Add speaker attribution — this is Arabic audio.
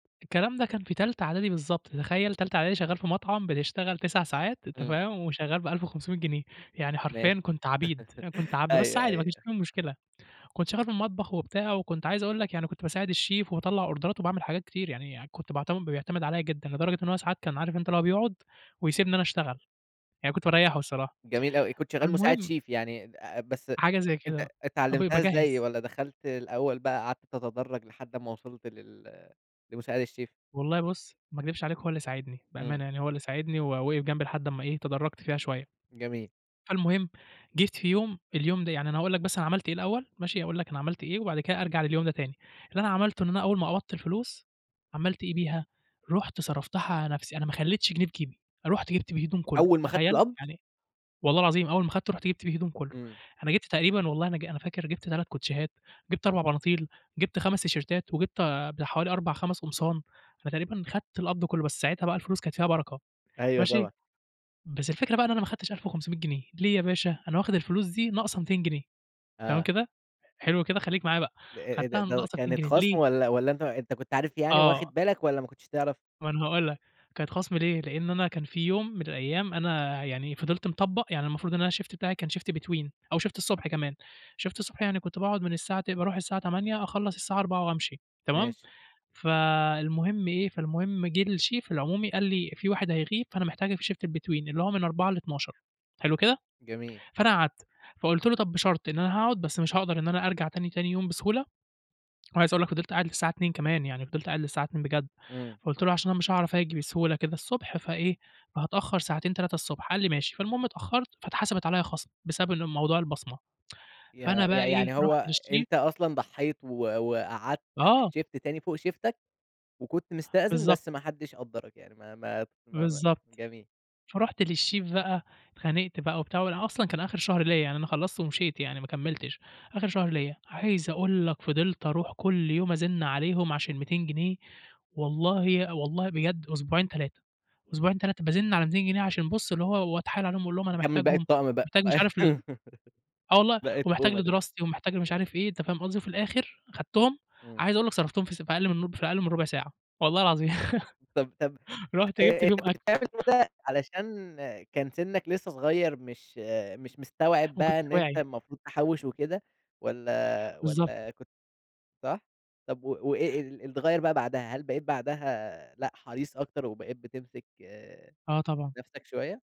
Speaker 1: الكلام ده كان في تالتة إعدادي بالضبط، تتخيل تالتة إعدادي شغال في مطعم بتشتغل 9 ساعات، أنت
Speaker 2: إمم.
Speaker 1: فاهم، وشغال ب1500 جنيه، يعني
Speaker 2: ماشي.
Speaker 1: حرفيًا كنت عبيد، كنت عبد بس
Speaker 2: أيوه،
Speaker 1: عادي ما فيش
Speaker 2: أيوه.
Speaker 1: أي مشكلة. كنت شغال في المطبخ وبتاع وكنت عايز أقول لك يعني كنت باساعد الشيف وباطلع أوردرات وباعمل حاجات كتير يعني كنت باعتمد بيعتمد عليَّ جدًا، لدرجة إن هو ساعات كان عارف أنت اللي هو بيقعد ويسيبني أنا أشتغل، يعني كنت باريحه الصراحة.
Speaker 2: جميل أوي، كنت شغال مساعد
Speaker 1: فالمهم
Speaker 2: شيف يعني بس ات
Speaker 1: حاجة زي كده.
Speaker 2: ات
Speaker 1: آه، ب
Speaker 2: اتعلمتها إزاي
Speaker 1: باجهز.
Speaker 2: والّا دخلت الأول بقى قعدت تتدرج لحد أمَّا وصلت لل لمساعد الشيف؟
Speaker 1: والله بُصّ، ما اكدبش عليك هو اللي ساعدني،
Speaker 2: إمم.
Speaker 1: بأمانة يعني هو اللي ساعدني ووقف جنبي لحد لمّا إيه، تدرجت فيها شوية.
Speaker 2: جميل.
Speaker 1: فالمهم جيت في يوم اليوم ده يعني أنا أقول لك بس أنا عملت إيه الأول، ماشي؟ أقول لك أنا عملت إيه وبعد كده أرجع لليوم ده تاني. اللي أنا عملته إن أنا أول ما قبضت الفلوس، عملت إيه بيها، رُحت صرفتها على نفسي، أنا ما خليتش جنيه في جيبي. رُحت جِبت بيه هدوم كله،
Speaker 2: أول ما خدت
Speaker 1: تخيل!
Speaker 2: القبض؟
Speaker 1: يعني والله العظيم أول ما أخدته رُحت جِبت بيه هدوم كله،
Speaker 2: إمم.
Speaker 1: أنا جِبت تقريبًا والله أنا ج أنا فاكر جِبت 3 كوتشيهات، جِبت 4 بناطيل، جِبت 5 تيشيرتات، وجِبت ب حوالي 4، 5 قمصان. أنا تقريبًا أخدت القبض كله، بس ساعتها بقى الفلوس كانت فيها بركة،
Speaker 2: أيوه
Speaker 1: ماشي.
Speaker 2: طبعًا.
Speaker 1: بس الفكرة بقى إن أنا ما أخدتش 1500 جنيه، ليه يا باشا؟! أنا واخد الفلوس دي ناقصة 200 جنيه، تمام
Speaker 2: آه.
Speaker 1: كده ،حلو كده. خليك معايا بقى
Speaker 2: إيه إيه ده،
Speaker 1: أخدتها
Speaker 2: د
Speaker 1: ناقصة 200
Speaker 2: كانت
Speaker 1: جنيه
Speaker 2: خصم
Speaker 1: ليه؟
Speaker 2: والّا والّا أنت أنت كنت عارف يعني
Speaker 1: آه.
Speaker 2: وواخد بالك والّا ما كنتش تعرف؟
Speaker 1: ما أنا هاقول لك كانت خصم ليه، لأن أنا كان في يوم من الأيام أنا يعني فضلت مطبق، يعني المفروض إن أنا الشيفت بتاعي كان شيفت between أو شيفت الصبح كمان، شيفت الصبح يعني كنت باقعد من الساعة ت باروح من الساعة 08:00 أخلص الساعة 16:00 وأمشي، تمام.
Speaker 2: ماشي.
Speaker 1: فالمهم إيه، فالمهم جِه الشيف العمومي قال لي: "في واحد هيغيب فأنا محتاجك في شيفت الbetween" اللي هو من 16:00 ل00:00، حلو كده؟
Speaker 2: جميل
Speaker 1: فأنا قعدت فقُلت له: "طب بشرط، إن أنا هاقعد بس مش هاقدر إن أنا أرجع تاني تاني يوم بسهولة" عايز أقول لك فضلت قاعد للساعة 02:00 كمان يعني فضلت قاعد للساعة 02:00 بجد،
Speaker 2: إمم.
Speaker 1: فقُلت له: "عشان أنا مش هاعرف آجي بسهولة كده الصبح فإيه، هاتأخر ساعتين، 3 الصبح." قال لي: "ماشي" فالمهم اتأخرت فاتحسبت عليَّ خصم بسبب ان موضوع البصمة.
Speaker 2: ي
Speaker 1: فأنا بقى
Speaker 2: يع يعني
Speaker 1: إيه،
Speaker 2: هو
Speaker 1: رُحت للشيف
Speaker 2: أنت أصلًا ضحيت و وقعدت
Speaker 1: آه.
Speaker 2: شيفت تاني فوق شيفتك، وكنت مستأذن،
Speaker 1: بالضبط.
Speaker 2: بس ما حدش قدرك يعني ما ما ما ما
Speaker 1: بالضبط.
Speaker 2: جميل.
Speaker 1: فرُحت للشيف بقى اتخانقت بقى وبتاع وأصلًا كان آخر شهر ليا يعني أنا خلصت ومشيت يعني ما كملتش، آخر شهر ليا. عايز أقول لك فضلت أروح كل يوم أزن عليهم عشان 200 جنيه والله والله بجد أسبوعين، 3، أسبوعين، 3 بازن على 200 جنيه عشان بُصّ اللي هو وأتحايل عليهم أقول لهم: "أنا
Speaker 2: يكمل باقي
Speaker 1: محتاجهم،"
Speaker 2: الطقم بقى.
Speaker 1: محتاج مش عارف ال آه والله
Speaker 2: باقي
Speaker 1: ومحتاج
Speaker 2: الطُقمة. [unintelligible]
Speaker 1: لدراستي ومحتاج لمش عارف إيه، أنت فاهم قصدي؟ وفي الآخر أخدتهم
Speaker 2: إمم.
Speaker 1: عايز أقول لك صرفتهم في س في أقل من ر في أقل من ربع ساعة، والله العظيم
Speaker 2: طب طب
Speaker 1: رُحت
Speaker 2: آآ،
Speaker 1: جِبت
Speaker 2: أنت
Speaker 1: بيهم
Speaker 2: كنت
Speaker 1: أكل.
Speaker 2: بتعمل كده علشان كان سنك لسه صغير مش مش مستوعب
Speaker 1: ما
Speaker 2: بقى
Speaker 1: كنتش
Speaker 2: إن أنت
Speaker 1: واعي.
Speaker 2: المفروض تحوّش وكده والّا
Speaker 1: بالضبط.
Speaker 2: والّا كنت صح؟ طب و وإيه اللي اتغيّر بقى بعدها؟ هل بقيت بعدها لأ، حريص أكتر وبقيت بتمسك
Speaker 1: آه، طبعًا.
Speaker 2: نفسك شوية؟